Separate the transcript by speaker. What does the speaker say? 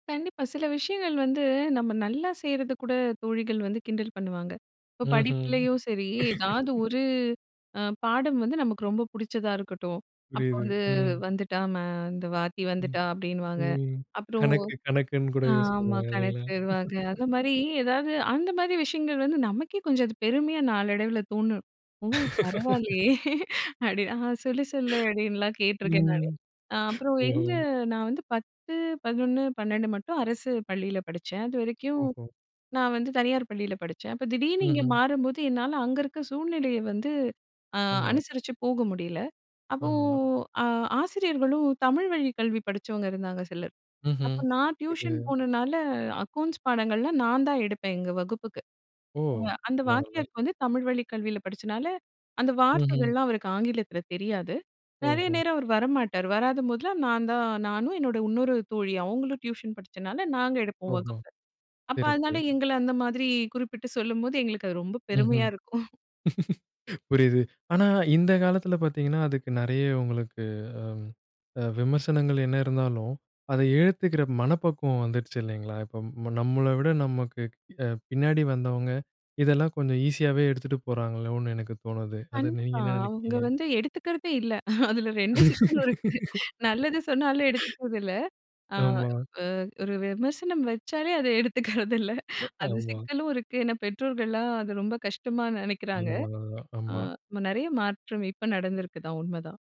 Speaker 1: கண்டிப்பா. சில விஷயங்கள் வந்து நம்ம நல்லா செய்றது கூட தோழிகள் வந்து கிண்டல் பண்ணுவாங்க. இப்ப
Speaker 2: ம்ஹம்.
Speaker 1: படிப்புலயும் சரி ஏதாவது ஒரு அ பாடம் வந்து நமக்கு ரொம்ப புடிச்சதா இருக்கட்டும் அப்போ
Speaker 2: புரியுது.
Speaker 1: வந்து
Speaker 2: ம்.
Speaker 1: வந்துட்டா ம ''இந்த வாத்தி
Speaker 2: ம்.
Speaker 1: வந்துட்டா'' அப்டின்னுவாங்க.
Speaker 2: ம்.
Speaker 1: அப்புறம்
Speaker 2: கணக்கு கணக்குன்னு கூட யூஸ்
Speaker 1: ஆமா
Speaker 2: பண்ணுவாங்க இல்லங்களா?
Speaker 1: கணக்குவாங்க அந்த மாரி ஏதாவது அந்த மாரி விஷயங்கள் வந்து நமக்கே கொஞ்சம் அது பெருமையா நாளடைவில தோணும். ஓ பரவாயில்லயே அப்டின்னு ஆ சொல்ல சொல்லு அப்டின்லாம் கேட்டுருக்கேன்
Speaker 2: ம்.
Speaker 1: நான் அப்புறம்
Speaker 2: ஓஹோ
Speaker 1: எங்க நான் வந்து 10, 11, 12 மட்டும் அரசு பள்ளியில படிச்சேன் அது வரைக்கும்.
Speaker 2: ஓஹோ.
Speaker 1: நான் வந்து தனியார் பள்ளியில படிச்சேன் அப்போ திடீர்ன்னு இங்கே
Speaker 2: ம்ஹம்.
Speaker 1: மாறும்போது என்னால அங்க இருக்க சூழ்நிலயை வந்து அ
Speaker 2: ஆமா.
Speaker 1: அனுசரிச்சு போக முடியல. அப்போ
Speaker 2: ஆமா.
Speaker 1: ஆ ஆசிரியர்களும் தமிழ் வழிக் கல்வி படிச்சவங்க இருந்தாங்க சிலர் அப்ப
Speaker 2: ம்ஹம்.
Speaker 1: நான் டியூஷன்
Speaker 2: தெரில.
Speaker 1: போனனால அக்கௌண்ட்ஸ் பாடங்கள்லாம் நான் தான் எடுப்பேன் எங்க வகுப்புக்கு.
Speaker 2: ஓ!
Speaker 1: அ அந்த
Speaker 2: பரவால்ல.
Speaker 1: வாத்தியாருக்கு வந்து தமிழ் வழிக் கல்வியில படிச்சனால அந்த
Speaker 2: ம்ஹம்.
Speaker 1: வார்த்தைகள்லாம் அவருக்கு ஆங்கிலத்தில தெரியாது. நெறைய
Speaker 2: ஓஹோ.
Speaker 1: நேரம் அவர் வரமாட்டார். வராத போதெல்லாம் நான் தான் நானும் என்னோட இன்னொரு தோழி அவங்களும் டியூஷன் படிச்சனால நாங்க எடுப்போம்
Speaker 2: ஓஹோ
Speaker 1: வகுப்பில. அப்போ
Speaker 2: சிறப்பு.
Speaker 1: அதனால எங்கள அந்த மாரி குறிப்பிட்டு சொல்லும்போது எங்களுக்கு அது ரொம்ப
Speaker 2: ம்ஹம்.
Speaker 1: பெருமையா இருக்கும்.
Speaker 2: புரிது. ஆனா, இந்த காலத்தில பார்த்தீங்கன்னா அதுக்கு நெறைய உங்களுக்கு அ அ விமர்சனங்கள் என்ன இருந்தாலும், அத ஏத்துக்கிற மனப்பக்குவம் வந்துடுச்சு இல்லங்களா, இப்ப நம்மள விட நமக்கு பின்னாடி அ வந்தவங்க இதெல்லாம் கொஞ்சம் ஈஸியாவே எடுத்துட்டு போறாங்களோனு எனக்கு தோணுது அத நீங்க
Speaker 1: கண்டிப்பா
Speaker 2: என்ன
Speaker 1: அவங்க
Speaker 2: நெனக்கிறீங்க?
Speaker 1: வந்து எடுத்துக்கிறதே இல்ல அதில ரெண்டு சிக்கலும் இருக்கு நல்லது சொன்னாலும் எடுத்துக்கறது இல்ல. அ
Speaker 2: ஆமா.
Speaker 1: ஓ ஒரு விமர்சனம் வச்சாலே அத எடுத்துக்கிறதில்ல
Speaker 2: அ
Speaker 1: அது
Speaker 2: ஆமா.
Speaker 1: சிக்கலும் இருக்கு ஏன்னா பெற்றோர்கலாம் அத ரொம்ப கஷ்டமா நெனக்கிறாங்க
Speaker 2: கடினமானது தான்.
Speaker 1: அ
Speaker 2: ஆமா.
Speaker 1: நெறைய மாற்றம் இப்ப நடந்திருக்குது உண்மதான்.